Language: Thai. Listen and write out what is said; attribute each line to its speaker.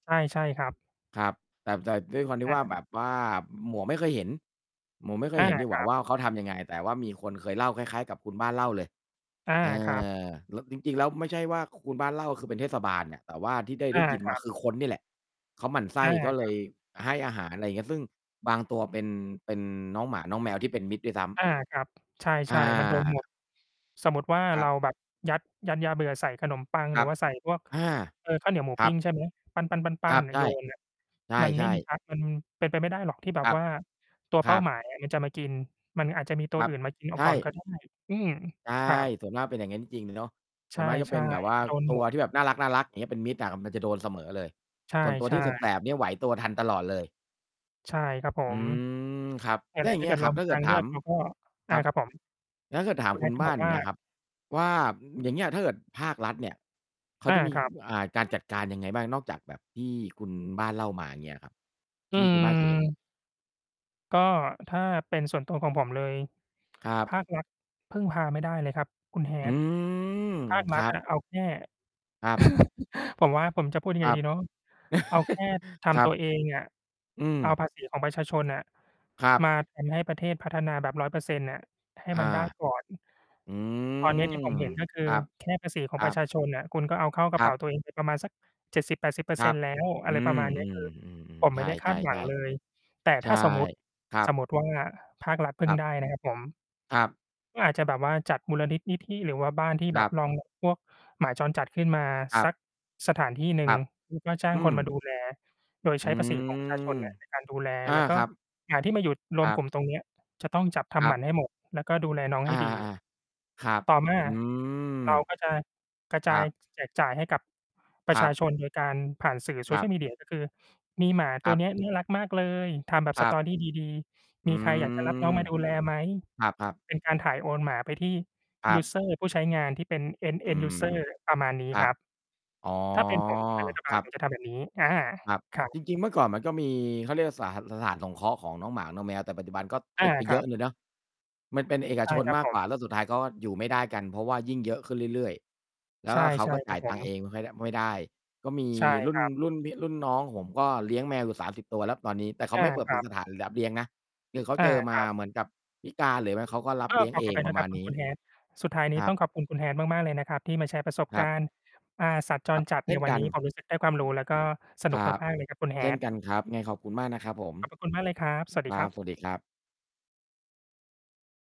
Speaker 1: ใช่ ใช่ครับ
Speaker 2: ครับ แต่ แต่ด้วยความที่
Speaker 1: อ
Speaker 2: ว่า
Speaker 1: า
Speaker 2: แบบว่า หมวกไม่เคยเห็น หมวกไม่เค
Speaker 1: อ
Speaker 2: ย
Speaker 1: า
Speaker 2: เห็นดีก
Speaker 1: ค
Speaker 2: ว่
Speaker 1: รั
Speaker 2: า
Speaker 1: บ
Speaker 2: ว่า เขาทำยังไง แต่ว่ามีคนเคยเล่าคล้าย ๆ กับคุณบ้านเล่าเลย
Speaker 1: อา
Speaker 2: เอ
Speaker 1: ครับ
Speaker 2: อ แล้ว จริง ๆ แล้วไม่ใช่ว่าคุณบ้านเล่า คือเป็นเทศบาลน่ะ แต่ว่าที่ได้
Speaker 1: อ
Speaker 2: ได้
Speaker 1: า
Speaker 2: ยิน
Speaker 1: ค
Speaker 2: ม
Speaker 1: ร
Speaker 2: า
Speaker 1: ับ
Speaker 2: คือคนนี่แหละเขาหมั่นไส
Speaker 1: อ
Speaker 2: ้
Speaker 1: า
Speaker 2: ก็
Speaker 1: ค
Speaker 2: เล
Speaker 1: รับ
Speaker 2: ยให้อาหาร อะไรเงี้ย ซึ่งบางตัวเป็น เป็นน้องหมาน้องแมวที่เป็นมิตรด้วยซ้ำ
Speaker 1: อา ครับ ใช
Speaker 2: อ
Speaker 1: ่ ๆ มัน โดนหม
Speaker 2: า
Speaker 1: ด สมมติว่า
Speaker 2: คร
Speaker 1: เรา
Speaker 2: ับ
Speaker 1: แบบยัด ยัดยาเบื่อใส่ขนมปัง
Speaker 2: ค
Speaker 1: หร
Speaker 2: ร
Speaker 1: ื
Speaker 2: ั
Speaker 1: อ
Speaker 2: บ
Speaker 1: ว่าใส่พวก
Speaker 2: อา
Speaker 1: เอ่อ ข้าวเหนียวหมู
Speaker 2: คร
Speaker 1: ป
Speaker 2: ั
Speaker 1: ิ้
Speaker 2: บ
Speaker 1: งใช่ไหม ปั
Speaker 2: ค
Speaker 1: ้
Speaker 2: ร
Speaker 1: น
Speaker 2: ั
Speaker 1: ๆ
Speaker 2: บ
Speaker 1: ๆ ๆ นะ
Speaker 2: ใช
Speaker 1: โ
Speaker 2: ่
Speaker 1: ยน น่ะ
Speaker 2: ใ
Speaker 1: มันไ
Speaker 2: ช
Speaker 1: ม่
Speaker 2: ่
Speaker 1: มี
Speaker 2: ๆ
Speaker 1: ทัก มันเป็นไปไม่ได้หรอกที่แบ
Speaker 2: ค
Speaker 1: บ
Speaker 2: รับ
Speaker 1: ว่าตัว
Speaker 2: ค
Speaker 1: เป
Speaker 2: ร
Speaker 1: ้า
Speaker 2: ั
Speaker 1: ห
Speaker 2: บ
Speaker 1: มาย อะ มันจะมากิน มันอาจจะมีตั
Speaker 2: ค
Speaker 1: ว
Speaker 2: รั
Speaker 1: อ
Speaker 2: บ
Speaker 1: ื่นมากินเอ
Speaker 2: ใ
Speaker 1: า
Speaker 2: ช
Speaker 1: ก่อน
Speaker 2: ่
Speaker 1: ก็ได้ อืม
Speaker 2: ใช่
Speaker 1: ครับ
Speaker 2: ส่วนมากเป็นอย่างนั้นจริง เนาะ ส
Speaker 1: ใช
Speaker 2: ่ว
Speaker 1: ่
Speaker 2: นมากจะเป็นแบบว่า
Speaker 1: ๆ มันโดน
Speaker 2: ตั
Speaker 1: หม
Speaker 2: ว
Speaker 1: ด
Speaker 2: ที่แบบน่ารัก ๆ เงี้ย เป็นมิตรอะ มันจะโดนเสมอเลย
Speaker 1: ใช่
Speaker 2: ส่วนตัว
Speaker 1: ใช
Speaker 2: ที่แ
Speaker 1: ่
Speaker 2: สบ ๆ เนี่ย ไหวตัวทันตลอดเลย
Speaker 1: ใช่ครับผ
Speaker 2: อื
Speaker 1: ม
Speaker 2: ม ครับ
Speaker 1: เนี่
Speaker 2: แล
Speaker 1: ย
Speaker 2: ้
Speaker 1: แห
Speaker 2: ว
Speaker 1: ล
Speaker 2: อย
Speaker 1: ะ
Speaker 2: ่าง
Speaker 1: ถ้
Speaker 2: เง
Speaker 1: า
Speaker 2: ี
Speaker 1: เ
Speaker 2: ้
Speaker 1: ก
Speaker 2: ย
Speaker 1: ิด
Speaker 2: ค
Speaker 1: เร
Speaker 2: รั
Speaker 1: า
Speaker 2: บ ถ
Speaker 1: ม
Speaker 2: ้
Speaker 1: ี
Speaker 2: าเ
Speaker 1: ท
Speaker 2: กิ
Speaker 1: า
Speaker 2: ด
Speaker 1: งเ
Speaker 2: ถ
Speaker 1: ลื
Speaker 2: า
Speaker 1: อ
Speaker 2: ม
Speaker 1: กเราก็
Speaker 2: ค
Speaker 1: อ
Speaker 2: ร
Speaker 1: า
Speaker 2: ับ
Speaker 1: ครับผม
Speaker 2: แล้วถ้าเกิดถา
Speaker 1: ค
Speaker 2: ม
Speaker 1: ุณ
Speaker 2: คุ
Speaker 1: Hat
Speaker 2: ณ
Speaker 1: จะ
Speaker 2: บ้
Speaker 1: บ
Speaker 2: า
Speaker 1: อ
Speaker 2: น
Speaker 1: ก
Speaker 2: อย่
Speaker 1: ว
Speaker 2: า
Speaker 1: ่า
Speaker 2: งเงี้ยครับว่า อย่างเงี้ย ถ้าเกิดภาครัฐเนี่ย เขา
Speaker 1: อา
Speaker 2: จะมี
Speaker 1: ครับ
Speaker 2: อ่า การจัดการยังไงบ้างนอกจากแบบที่คุณบ้านเล่ามาเงี้ยครับ
Speaker 1: อ
Speaker 2: ท
Speaker 1: ื
Speaker 2: ี่คุณบ้านเคยเห็น?
Speaker 1: ม ก็ถ้าเป็นส่วนตัวของผมเลย
Speaker 2: ครั
Speaker 1: ภ
Speaker 2: บ
Speaker 1: าครัฐพึ่งพาไม่ได้เลยครับคุณ
Speaker 2: อ อื
Speaker 1: Hat
Speaker 2: ม
Speaker 1: ภาค
Speaker 2: ค
Speaker 1: รั
Speaker 2: ร
Speaker 1: ฐ
Speaker 2: ั
Speaker 1: อ
Speaker 2: บ
Speaker 1: ะ เอาแค่
Speaker 2: ครับ
Speaker 1: ผมว่า ผมจะพูดยังไ
Speaker 2: ค
Speaker 1: ง
Speaker 2: รั
Speaker 1: ด
Speaker 2: บ
Speaker 1: ีเนาะ เอาแค่ท
Speaker 2: คร
Speaker 1: ำ
Speaker 2: ั
Speaker 1: ตัว
Speaker 2: บ
Speaker 1: เองอะ
Speaker 2: อืม
Speaker 1: เอาภาษีของประชาชนน่ะ
Speaker 2: ครับ
Speaker 1: มา ทำ ให้ประเทศพัฒนาแบบ 100% น่ะ ให้
Speaker 2: อา
Speaker 1: มันได้ ก่อน
Speaker 2: อื
Speaker 1: ตอนนี้ที่
Speaker 2: ม
Speaker 1: ผมเห็น ก็คื
Speaker 2: ค
Speaker 1: อ
Speaker 2: รับ
Speaker 1: แค่ภาษีขอ
Speaker 2: ค
Speaker 1: ง
Speaker 2: ร
Speaker 1: ป
Speaker 2: ั
Speaker 1: ระช
Speaker 2: บ
Speaker 1: าชนน่ะ คุณก็เอาเข้ากร
Speaker 2: ค
Speaker 1: ะ
Speaker 2: ร
Speaker 1: เป
Speaker 2: ั
Speaker 1: ๋
Speaker 2: บ
Speaker 1: าตัวเอง ไป ประมาณสัก เจ็ดสิบแปดสิบเปอร
Speaker 2: ค
Speaker 1: ์เ
Speaker 2: ร
Speaker 1: ซ็
Speaker 2: ั
Speaker 1: น
Speaker 2: บ
Speaker 1: ต์ แล้ว
Speaker 2: อ
Speaker 1: อะ
Speaker 2: ื
Speaker 1: ไรประ
Speaker 2: ม
Speaker 1: มาณนี้ คือ
Speaker 2: ๆ
Speaker 1: ผ
Speaker 2: ๆ
Speaker 1: ม
Speaker 2: ๆ ใ
Speaker 1: ไ
Speaker 2: ช
Speaker 1: ม่ได้คา
Speaker 2: ่
Speaker 1: ดหวังเล
Speaker 2: ๆ
Speaker 1: ย แต่
Speaker 2: ๆ ใช
Speaker 1: ถ้
Speaker 2: ่
Speaker 1: าสมมุติ
Speaker 2: ครั
Speaker 1: ส
Speaker 2: บ
Speaker 1: มมุติว่าภาครัฐพึ
Speaker 2: ค
Speaker 1: ่ง
Speaker 2: รับ
Speaker 1: ได้ นะครับ ผม
Speaker 2: ครับ
Speaker 1: ก็อาจจะแบบว่าจัดมูลนิด นิธิหรือว่าบ้านที่แ
Speaker 2: ค
Speaker 1: บ
Speaker 2: รั
Speaker 1: บ
Speaker 2: บ
Speaker 1: รอง รับ พวกหมาจรจัดขึ้นมา
Speaker 2: ครั
Speaker 1: สั
Speaker 2: บ
Speaker 1: กสถานที่หนึ
Speaker 2: ค
Speaker 1: ่
Speaker 2: ร
Speaker 1: ง
Speaker 2: ับ
Speaker 1: แล้ว ก็จ้า
Speaker 2: อ
Speaker 1: ง
Speaker 2: ื
Speaker 1: คนมา
Speaker 2: ม
Speaker 1: ดู แล โดยใ
Speaker 2: อ
Speaker 1: ช
Speaker 2: ื
Speaker 1: ้ภาษี ของประชาชน
Speaker 2: ม
Speaker 1: ในการ ดูแล
Speaker 2: อา
Speaker 1: แล้วก็
Speaker 2: ครับ
Speaker 1: หมาที่มาอยู่ร
Speaker 2: ค
Speaker 1: วม
Speaker 2: รั
Speaker 1: ก
Speaker 2: บ
Speaker 1: ลุ่มตรงเนี้ย จะต้องจับท
Speaker 2: ค
Speaker 1: ำ
Speaker 2: ร
Speaker 1: ห
Speaker 2: ั
Speaker 1: ม
Speaker 2: บ
Speaker 1: ันให้หมด แล้วก็ดูแลน้องใ
Speaker 2: อ
Speaker 1: ห
Speaker 2: า
Speaker 1: ้ดี
Speaker 2: ๆ ๆ ครับ
Speaker 1: ต่อมา
Speaker 2: อื
Speaker 1: เรา
Speaker 2: ม
Speaker 1: ก็จะกระจ
Speaker 2: ค
Speaker 1: า
Speaker 2: รั
Speaker 1: ย
Speaker 2: บ
Speaker 1: จ แจกจ่ายให้กับ ปร
Speaker 2: ค
Speaker 1: ะ
Speaker 2: ร
Speaker 1: ช
Speaker 2: ั
Speaker 1: า
Speaker 2: บ
Speaker 1: ชน โดยการผ่านสื่อ
Speaker 2: ครับ
Speaker 1: social media ก็ คือ มีหมา
Speaker 2: ค
Speaker 1: ตั
Speaker 2: ร
Speaker 1: ว
Speaker 2: ับ
Speaker 1: เนี้ยน่ารักมากเลย ทำแบบ
Speaker 2: ค
Speaker 1: ส
Speaker 2: รั
Speaker 1: ต
Speaker 2: บ
Speaker 1: อรี่ดี
Speaker 2: อ
Speaker 1: ๆ ม
Speaker 2: ื
Speaker 1: ีใครอยาก จะรับ
Speaker 2: ม
Speaker 1: น้องมาดูแลไหม
Speaker 2: ครับ ๆ
Speaker 1: เป็นการถ่ายโอนหมาไปที่
Speaker 2: คร
Speaker 1: ย
Speaker 2: ั
Speaker 1: ู
Speaker 2: บ
Speaker 1: สเซอร์ ผู้ใช้งานที่เป็น end
Speaker 2: อื
Speaker 1: end
Speaker 2: ม
Speaker 1: user ประมาณนี้
Speaker 2: ครั
Speaker 1: คร
Speaker 2: บ
Speaker 1: ับ
Speaker 2: อ๋อ
Speaker 1: ถ้าเป็น ผมเป็นรัฐบ
Speaker 2: ค
Speaker 1: าล
Speaker 2: รั
Speaker 1: ผ
Speaker 2: บ
Speaker 1: มจะทำแบบนี้ อา
Speaker 2: ครับ
Speaker 1: ครับ
Speaker 2: จริง ๆ เมื่อก่อนมันก็มี เขาเรียกสาร สถานสงเคราะห์ของน้องหมา น้องแมว แต่ปัจจุบันก็
Speaker 1: อ
Speaker 2: ป
Speaker 1: า
Speaker 2: ิดไป
Speaker 1: ค
Speaker 2: เย
Speaker 1: รั
Speaker 2: อะ
Speaker 1: บ
Speaker 2: เลยเนาะ มันเป็นเอก
Speaker 1: ใช
Speaker 2: ช
Speaker 1: ่
Speaker 2: น
Speaker 1: ครับ
Speaker 2: มาก
Speaker 1: ผ
Speaker 2: กว่า
Speaker 1: ม
Speaker 2: แล้วสุดท้ายก็อยู่ไม่ได้กัน เพราะว่ายิ่งเยอะขึ้นเรื่อย ๆ แล้
Speaker 1: ใ
Speaker 2: ว
Speaker 1: ช
Speaker 2: ก
Speaker 1: ่
Speaker 2: ็เขาก็
Speaker 1: ๆ
Speaker 2: จ
Speaker 1: คร
Speaker 2: ่
Speaker 1: ั
Speaker 2: า
Speaker 1: บ
Speaker 2: ย
Speaker 1: ผ
Speaker 2: ตังค์เอ
Speaker 1: ม
Speaker 2: งไม่ค่อยได้ ไม่ได้ ก็มี
Speaker 1: ใช่
Speaker 2: รุ่
Speaker 1: ค
Speaker 2: น
Speaker 1: รับ
Speaker 2: รุ่นพี่ รุ่นน้องผมก็เลี้ยงแมวอยู่ 30 ตัวแล้วตอนนี้ แต่เขา
Speaker 1: อา
Speaker 2: ไม่เปิด
Speaker 1: ครับ
Speaker 2: สถานรับเลี้ยงนะ คือเขา
Speaker 1: อ
Speaker 2: เ
Speaker 1: า
Speaker 2: จอม
Speaker 1: ค
Speaker 2: า
Speaker 1: รับ
Speaker 2: เหมือนกับพิการหรือไม่เขาก็รั
Speaker 1: เ
Speaker 2: บ
Speaker 1: อ
Speaker 2: เล
Speaker 1: อ
Speaker 2: ี้ยง
Speaker 1: ขอ
Speaker 2: เอ
Speaker 1: อ
Speaker 2: ง
Speaker 1: ภัย
Speaker 2: ป
Speaker 1: น
Speaker 2: ระ
Speaker 1: ะ
Speaker 2: ม
Speaker 1: คร
Speaker 2: า
Speaker 1: ับ
Speaker 2: ณ
Speaker 1: คุ
Speaker 2: น
Speaker 1: ณ
Speaker 2: ี้
Speaker 1: คุณ Hat สุดท้ายนี
Speaker 2: ค
Speaker 1: ้
Speaker 2: รั
Speaker 1: ต้อ
Speaker 2: บ
Speaker 1: งขอบคุณคุณ Hat มาก ๆ เลยนะครับ ที่มาแชร์ประสบ
Speaker 2: คร
Speaker 1: ก
Speaker 2: ับ
Speaker 1: ารณ์ อ่า สัตว์จ
Speaker 2: ครั
Speaker 1: ร
Speaker 2: บ
Speaker 1: จัด
Speaker 2: เช
Speaker 1: ใน
Speaker 2: ่น
Speaker 1: วั
Speaker 2: ก
Speaker 1: น
Speaker 2: ั
Speaker 1: น
Speaker 2: น
Speaker 1: ี้ ผมรู้สึกได้ความรู้แล้ว ก็สน
Speaker 2: ค
Speaker 1: ุ
Speaker 2: ร
Speaker 1: ก
Speaker 2: ับ
Speaker 1: มาก ๆ เลยครับคุณ
Speaker 2: เช่น
Speaker 1: Hat
Speaker 2: กันครับ ยังไงขอบคุณมากนะครับผม
Speaker 1: ขอบพระ คุณมากเลยครับ สวัสด
Speaker 2: ค
Speaker 1: ี
Speaker 2: ร
Speaker 1: ค
Speaker 2: ั
Speaker 1: ร
Speaker 2: บ
Speaker 1: ับ
Speaker 2: สวัสดีครับ